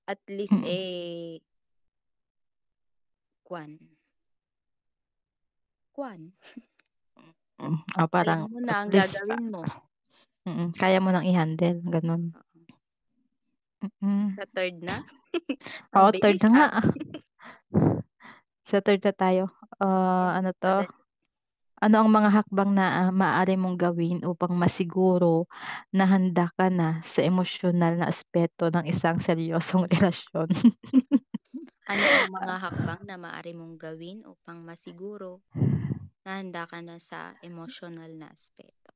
At least, Mm. eh kwan kwan. Mm. Oh, Alam parang mo at na ang least a gagawin mo. mm. Kaya mo ng i-handle, gano'n. Oo. Mm. Sa 3rd na? Ang Oh, bilis, third na nga. ah. Sa third na tayo, ah, Ayan ano 'to? madali. Ano ang mga hakbang na, ah, maaari mong gawin upang masiguro na handa ka na sa emosyonal na aspeto ng isang seryosong relasyon? Ano ang mga hakbang Ah. na maaari mong gawin upang masiguro na handa ka na sa emosyonal na aspeto?